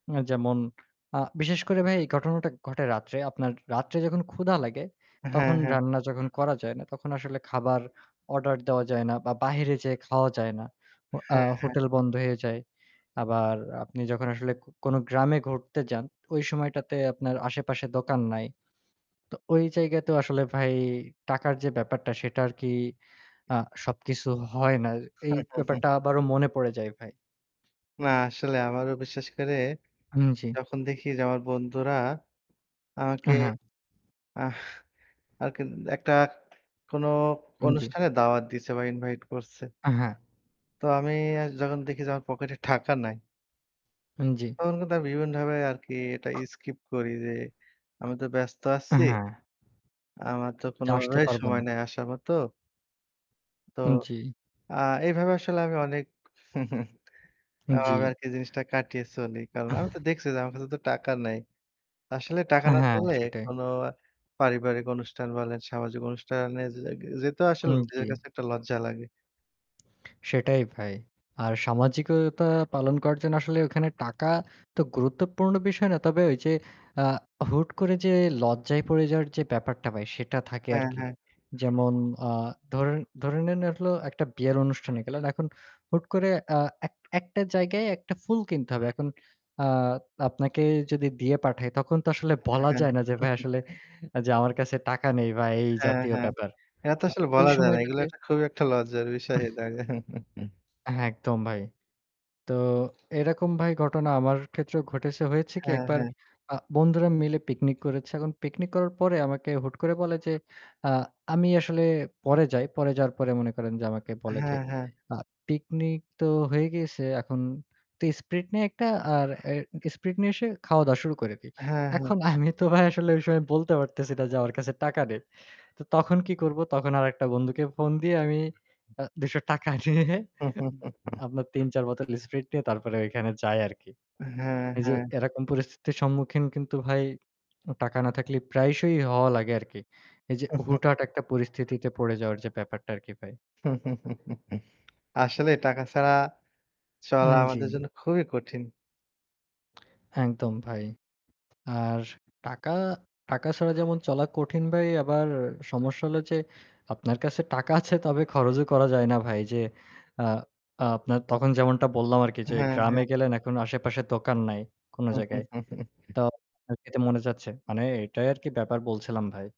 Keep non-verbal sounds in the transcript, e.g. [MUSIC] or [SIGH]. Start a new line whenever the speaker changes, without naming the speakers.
আ যেমন আ বিশেষ করে ভাই এই ঘটনাটা ঘটে রাত্রে। আপনার রাত্রে যখন ক্ষুধা লাগে
হ্যাঁ,
তখন
হ্যাঁ।
রান্না যখন করা যায় না, তখন আসলে খাবার অর্ডার দেওয়া যায় না। বা বাইরে যেয়ে খাওয়া যায় না। অ আ
হ্যাঁ, হ্যাঁ।
হোটেল বন্ধ হয়ে যায়। আবার আপনি যখন আসলে ক কোনো গ্রামে ঘুরতে যান ওই সময়টাতে আপনার আশেপাশে দোকান নাই। তো ঐ জায়গাতেও আসলে ভাই টাকার যে ব্যাপারটা সেটা আরকি আ সবকিছু হয় না। এই
[CHUCKLES]
ব্যাপারটা আবারও মনে পড়ে যায় ভাই।
না আসলে আমারও বিশেষ করে
হুম, জী।
যখন দেখি যে আমার বন্ধুরা আমাকে
আ হ্যাঁ।
আহ আরকি একটা কোনো
উ জী।
অনুষ্ঠানে দাওয়াত দিয়েছে বা ইনভাইট করছে
আ হ্যাঁ।
তো আমি যখন দেখি যে আমার পকেটে টাকা নাই
উ জ্বি।
তখন কিন্তু বিভিন্নভাবে আরকি এটা স্কিপ করি যে আমি তো ব্যস্ত
আ
আছি।
হ্যাঁ।
আমার তো
যে আসতে
কোনোভাবেই
পারব না।
সময় নাই আসার মত তো
উ জ্বী।
আ এভাবে আসলে আমি অনেক [CHUCKLES]
উ
আমি
জ্বি।
আরকি জিনিসটা কাটিয়ে চলি। কারণ আমি তো
[SCOFFS]
দেখছি যে আমার কাছে তো টাকা নাই। আসলে টাকা
আ
না
হ্যাঁ
পেলে
সেটাই।
কোনো পারিবারিক অনুষ্ঠান বলেন সামাজিক অনুষ্ঠানে যে যেতেও
উ
আসলে নিজের
জী।
কাছে একটা লজ্জা লাগে।
সেটাই ভাই। আর সামাজিকতা পালন করার জন্য আসলে ওখানে টাকা তো গুরুত্বপূর্ণ বিষয় না। তবে ওইযে আ হুট করে যে লজ্জায় পড়ে যাওয়ার যে ব্যাপারটা ভাই সেটা থাকে
হ্যাঁ,
আরকি।
হ্যাঁ।
যেমন আ ধর ধরে নিন হলো একটা বিয়ের অনুষ্ঠানে গেল। এখন হুট করে আ এক একটা জায়গায় একটা ফুল কিনতে হবে। এখন আ আপনাকে যদি দিয়ে পাঠাই তখন তো আসলে
হ্যাঁ,
বলা
হ্যাঁ।
যায় না যে ভাই
[CHUCKLES]
আসলে যে আমার কাছে টাকা নেই বা এই
হ্যাঁ,
জাতীয়
হ্যাঁ।
ব্যাপার।
এটা তো
আ
আসলে
ওই
বলা যায় না।
সময়টাতে
এগুলা খুবই একটা লজ্জার বিষয় হয়ে
[SCOFFS]
যাবে। [CHUCKLES]
হ্যাঁ একদম ভাই। তো এরকম ভাই ঘটনা আমার ক্ষেত্রেও ঘটেছে। হয়েছে কি
হ্যাঁ,
একবার
হ্যাঁ।
আ বন্ধুরা মিলে পিকনিক করেছে। এখন পিকনিক করার পরে আমাকে হুট করে বলে যে আ আমি আসলে পরে যাই। পরে যাওয়ার পরে মনে করেন যে আমাকে বলে যে
হ্যাঁ, হ্যাঁ।
আ "পিকনিক তো হয়ে গিয়েছে এখন তো স্প্রিট নিয়ে একটা আর এ স্প্রিট নিয়ে এসে খাওয়া-দাওয়া শুরু করে দেই।"
হ্যাঁ, হ্যাঁ।
এখন আমি তো ভাই আসলে ওই সময় বলতে পারতেছি না যে আমার কাছে টাকা নেই। তো তখন কি করব? তখন আরেকটা বন্ধুকে ফোন দিয়ে আমি আ ৳২০০ নিয়ে
[CHUCKLES]
আপনার ৩ ৪ বোতল স্প্রিট নিয়ে তারপরে ঐখানে যাই আরকি।
হ্যাঁ,
এইযে
হ্যাঁ।
এরকম পরিস্থিতির সম্মুখীন কিন্তু ভাই টাকা না থাকলে প্রায়শই হওয়া লাগে আরকি। এইযে
[CHUCKLES]
হুটহাট একটা পরিস্থিতিতে পড়ে যাওয়ার যে ব্যাপারটা আরকি ভাই।
[CHUCKLES] আসলে টাকা ছাড়া
উ
চলা আমাদের
জ্বি।
জন্য খুবই কঠিন।
একদম ভাই। আর টাকা, টাকা ছাড়া যেমন চলা কঠিন ভাই আবার সমস্যা হলো যে আপনার কাছে টাকা আছে তবে খরচও করা যায় না ভাই। যে আ আপনার তখন যেমনটা বললাম আরকি যে
হ্যাঁ,
গ্রামে
হ্যাঁ।
গেলেন এখন আশেপাশে দোকান নাই, কোনো জায়গায়।
[CHUCKLES]
তো খেতে মনে চাচ্ছে। মানে এটাই আরকি ব্যাপার বলছিলাম ভাই।